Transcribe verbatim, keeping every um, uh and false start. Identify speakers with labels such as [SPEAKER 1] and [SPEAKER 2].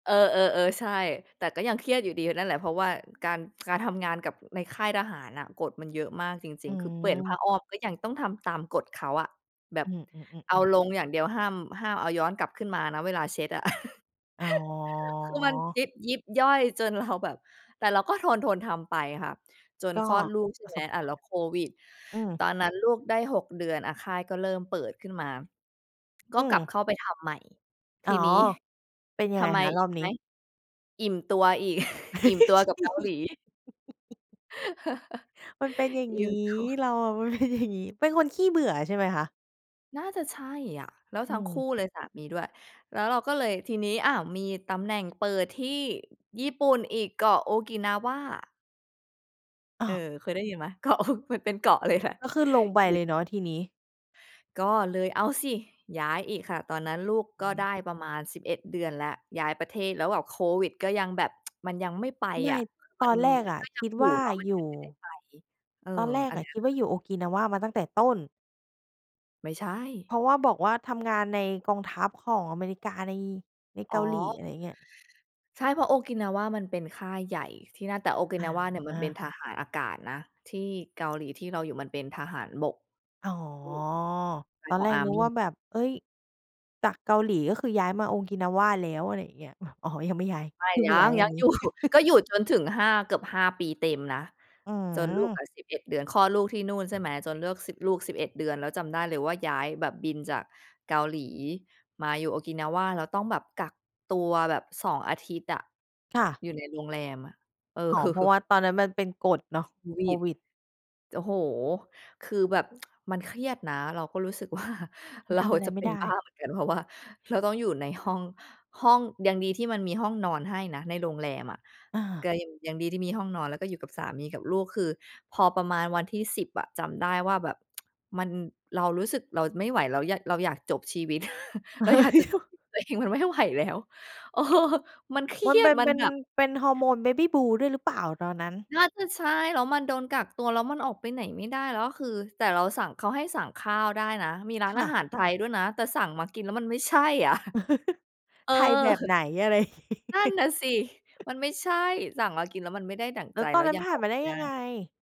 [SPEAKER 1] เออ ๆ ๆ ใช่ แต่ก็ยังเครียดอยู่ดีนั่นแหละ เพราะว่าการ การทำงานกับในค่ายทหารน่ะ กฎมันเยอะมากจร
[SPEAKER 2] อื
[SPEAKER 1] ิง ๆ คือเปลี่ยนผ้
[SPEAKER 2] ม
[SPEAKER 1] าอ้อมก็ยังต้องทำตามกฎเขาอะ แบบ
[SPEAKER 2] อื
[SPEAKER 1] เอา
[SPEAKER 2] อ ๆ ๆ ๆ
[SPEAKER 1] ลงอย่างเดียวห้าม ห้ามเอาย้อนกลับขึ้นมานะเวลาเช็ดอะ
[SPEAKER 2] อ๋
[SPEAKER 1] คือมัน
[SPEAKER 2] อ
[SPEAKER 1] ยิบ ยิบย่อยจนเราแบบ แต่เราก็ทน ๆ ทำไปค่ะ จน
[SPEAKER 2] ก็
[SPEAKER 1] คลอด ลูก ใช่
[SPEAKER 2] ปร
[SPEAKER 1] ไ
[SPEAKER 2] ะ
[SPEAKER 1] หม
[SPEAKER 2] สบ
[SPEAKER 1] อ่
[SPEAKER 2] ก
[SPEAKER 1] า
[SPEAKER 2] า
[SPEAKER 1] แล
[SPEAKER 2] ร
[SPEAKER 1] ้วโควิด
[SPEAKER 2] ณ์ อื
[SPEAKER 1] ต
[SPEAKER 2] ม
[SPEAKER 1] อน นั้นลูกได้ หก เดือนอะ ค่ายก็เริ่มเปิดขึ้นมา ก
[SPEAKER 2] อ
[SPEAKER 1] ็
[SPEAKER 2] ื
[SPEAKER 1] กลั
[SPEAKER 2] ม
[SPEAKER 1] บเข้าไป ทำใหม่ ท
[SPEAKER 2] อ๋
[SPEAKER 1] ี
[SPEAKER 2] อ
[SPEAKER 1] นี้
[SPEAKER 2] เป็นยั
[SPEAKER 1] ท
[SPEAKER 2] งไง
[SPEAKER 1] ำไม
[SPEAKER 2] คะ
[SPEAKER 1] อี
[SPEAKER 2] รอ
[SPEAKER 1] ก
[SPEAKER 2] บ
[SPEAKER 1] รู้
[SPEAKER 2] นี
[SPEAKER 1] ไห
[SPEAKER 2] ้?
[SPEAKER 1] ม อิ่มตัวอีก อิ่มตัวกับเกาหลี
[SPEAKER 2] มันเป็นอย่าง
[SPEAKER 1] อ
[SPEAKER 2] ง
[SPEAKER 1] ิ
[SPEAKER 2] ี
[SPEAKER 1] ่
[SPEAKER 2] ้
[SPEAKER 1] มตัว
[SPEAKER 2] เราอะเป็นอย่างนี้ เป็นคนขี้เบื่อใช่ไหมคะ?
[SPEAKER 1] น่าจะใช่อะ แล้ว
[SPEAKER 2] อื
[SPEAKER 1] ทั้งคู่
[SPEAKER 2] ม
[SPEAKER 1] เลยสามีด้วย แล้วเราก็เลยทีนี้ อ้าว! มีตำแหน่งเปิดที่ญี่ปุ่นอีก เกาะโอกินาวา
[SPEAKER 2] อ๋
[SPEAKER 1] เอ
[SPEAKER 2] อ
[SPEAKER 1] อ เคยได้ยินไหม เกาะ มันเป็นเกาะเลยแหละ
[SPEAKER 2] ก็ขึ้นลงไปเลยเนาะทีนี้
[SPEAKER 1] ก็เลยเอาสิ ย้ายอีกค่ะ ตอนนั้นลูกก็ได้ประมาณ สิบเอ็ด เดือนแล้ว ย้ายประเทศแล้วแบบโควิดก็ยังแบบ มันยังไม่ไป
[SPEAKER 2] ไม
[SPEAKER 1] อ
[SPEAKER 2] ่
[SPEAKER 1] ะ
[SPEAKER 2] ต
[SPEAKER 1] มัน
[SPEAKER 2] อนแรกอะ
[SPEAKER 1] ก็ย
[SPEAKER 2] ค
[SPEAKER 1] ัง
[SPEAKER 2] ิด
[SPEAKER 1] อยู
[SPEAKER 2] ว
[SPEAKER 1] ่
[SPEAKER 2] ่า
[SPEAKER 1] เนาะ มัน
[SPEAKER 2] อย
[SPEAKER 1] ยั
[SPEAKER 2] ู
[SPEAKER 1] งไม่ได้
[SPEAKER 2] ่
[SPEAKER 1] ไป เออ
[SPEAKER 2] ตอนแร
[SPEAKER 1] อ
[SPEAKER 2] ก
[SPEAKER 1] ะไร
[SPEAKER 2] อะ
[SPEAKER 1] อย่
[SPEAKER 2] ค
[SPEAKER 1] าง
[SPEAKER 2] ิด
[SPEAKER 1] เงี
[SPEAKER 2] ว
[SPEAKER 1] ้
[SPEAKER 2] ่
[SPEAKER 1] ย
[SPEAKER 2] า อยู่โอกินาวามาตั้งแต่ต้น
[SPEAKER 1] ไม่ใช
[SPEAKER 2] เพ
[SPEAKER 1] ่
[SPEAKER 2] ราะว่า บอกว่าทำงานในกองทัพของอเมริกาใน ใน
[SPEAKER 1] อ
[SPEAKER 2] เ
[SPEAKER 1] ๋
[SPEAKER 2] กาหลี
[SPEAKER 1] อ
[SPEAKER 2] อะไรอย่างเงี้ย
[SPEAKER 1] ใช่ เพราะ โอกินาวามันเป็นค่ายใหญ่ที่นั่น แต่โอกิ
[SPEAKER 2] อ
[SPEAKER 1] นา
[SPEAKER 2] ่
[SPEAKER 1] วาเนี่ย มันเป็น
[SPEAKER 2] า
[SPEAKER 1] ทหารอากาศนะ ที่เกาหลี ที่เราอยู่มันเป็นทหารบก
[SPEAKER 2] อ๋อ ตอ
[SPEAKER 1] ข
[SPEAKER 2] น
[SPEAKER 1] อ
[SPEAKER 2] แ
[SPEAKER 1] ง
[SPEAKER 2] รกนึก
[SPEAKER 1] army
[SPEAKER 2] ว่าแบบ เฮ้ย! จากเกาหลี ก็คือย้ายมาโอกินาวาแล้ว อะไรอย่าเงี้ย เอาะ อ๋อ ยังไม่ย้าย
[SPEAKER 1] ไม่
[SPEAKER 2] พึ่ง
[SPEAKER 1] ยั
[SPEAKER 2] ย้า
[SPEAKER 1] ง
[SPEAKER 2] ยว
[SPEAKER 1] ย
[SPEAKER 2] ั
[SPEAKER 1] ั
[SPEAKER 2] น
[SPEAKER 1] ง
[SPEAKER 2] นี้
[SPEAKER 1] อยู่ ก็อยู่จนถึง ห้า เกือบ ห้า ปี เต็มนะ
[SPEAKER 2] อื
[SPEAKER 1] จนลูกอ
[SPEAKER 2] ม
[SPEAKER 1] ะ สิบเอ็ด เดือน คลอดลูกที่นู่น ใช่ไหม จนเลือก สิบ ลูก สิบเอ็ด เดือนแล้วจำได้เลยว่า ย้ายแบบบินจากเกาหลีมาอยู่โอกินาวา แล้วต้องแบบกักตัวแบบ สอง อาทิตย์อะ
[SPEAKER 2] ค่ะ
[SPEAKER 1] อยู่ใน โรงแรมอะ เอ
[SPEAKER 2] อ๋อ เพราะ
[SPEAKER 1] อ
[SPEAKER 2] ว่า ตอนนั้นมันเป็นกฎเนาะ
[SPEAKER 1] โคว
[SPEAKER 2] โค
[SPEAKER 1] ิด
[SPEAKER 2] วิด
[SPEAKER 1] โอ้โฮ! คือแบบ มันเครียดนะ เราก็รู้สึก ว่า
[SPEAKER 2] มั
[SPEAKER 1] เ
[SPEAKER 2] น
[SPEAKER 1] รา
[SPEAKER 2] ทำอะไร
[SPEAKER 1] จะ
[SPEAKER 2] ไ
[SPEAKER 1] เ
[SPEAKER 2] ม
[SPEAKER 1] ป
[SPEAKER 2] ่
[SPEAKER 1] ็
[SPEAKER 2] ไ
[SPEAKER 1] น
[SPEAKER 2] ด้
[SPEAKER 1] บ้าเหมือนกัน เพราะว่าเราต้องอยู่ในห้อง ห้อง ยังดีที่มันมีห้องนอนให้นะ ในโรงแรมอะ
[SPEAKER 2] อ
[SPEAKER 1] ก
[SPEAKER 2] า
[SPEAKER 1] ็ยัง ยังดีที่มีห้องนอน แล้วก็อยู่กับสามีกับลูก คือพอประมาณวันที่ สิบ อะ จำได้ว่าแบบ มัน เรารู้สึกเราไม่ไหวแล้ว เรา เราอยากจบชีวิต
[SPEAKER 2] เ
[SPEAKER 1] เรา
[SPEAKER 2] ฮ้
[SPEAKER 1] อยากจ
[SPEAKER 2] ย
[SPEAKER 1] ะจบชีวิตตัวเอง มันไม่ไหวแล้ว เออ มันเครี
[SPEAKER 2] มัน
[SPEAKER 1] ย
[SPEAKER 2] เป
[SPEAKER 1] ด
[SPEAKER 2] ็น
[SPEAKER 1] มั
[SPEAKER 2] เ
[SPEAKER 1] น
[SPEAKER 2] ป็น
[SPEAKER 1] แบบ
[SPEAKER 2] เป็นฮอร์โมน Baby Blues ด้วยหรือเปล่า ตอนนั้น?
[SPEAKER 1] น่าจะใช่ แล้วมันโดนกักตัว แล้วมันออกไปไหนไม่ได้ แล้วคือ แต่เราสั่ง เขาให้สั่งข้าวได้นะ มีร้า
[SPEAKER 2] ค
[SPEAKER 1] นอ
[SPEAKER 2] ่
[SPEAKER 1] า
[SPEAKER 2] ะ
[SPEAKER 1] หารไทยด้วยนะ แต่สั่งมากินแล้วมันไม่ใช่ อะ เออ
[SPEAKER 2] ไทยแบบไหนอะไร อย่างนี้
[SPEAKER 1] นั่นน่ะสิ มันไม่ใช่ สั่ง เรากินแล้วมันไม่ได้ดั่ง
[SPEAKER 2] แล้
[SPEAKER 1] ใจ
[SPEAKER 2] วต
[SPEAKER 1] แ
[SPEAKER 2] อ
[SPEAKER 1] ล้
[SPEAKER 2] น
[SPEAKER 1] ว
[SPEAKER 2] นั้
[SPEAKER 1] ย
[SPEAKER 2] น
[SPEAKER 1] ัง
[SPEAKER 2] ผ่
[SPEAKER 1] อ
[SPEAKER 2] าน
[SPEAKER 1] อก
[SPEAKER 2] มา
[SPEAKER 1] ไ
[SPEAKER 2] ไ
[SPEAKER 1] ม
[SPEAKER 2] ด้
[SPEAKER 1] ่ไ
[SPEAKER 2] ย
[SPEAKER 1] ด
[SPEAKER 2] ังไ
[SPEAKER 1] ้
[SPEAKER 2] ง?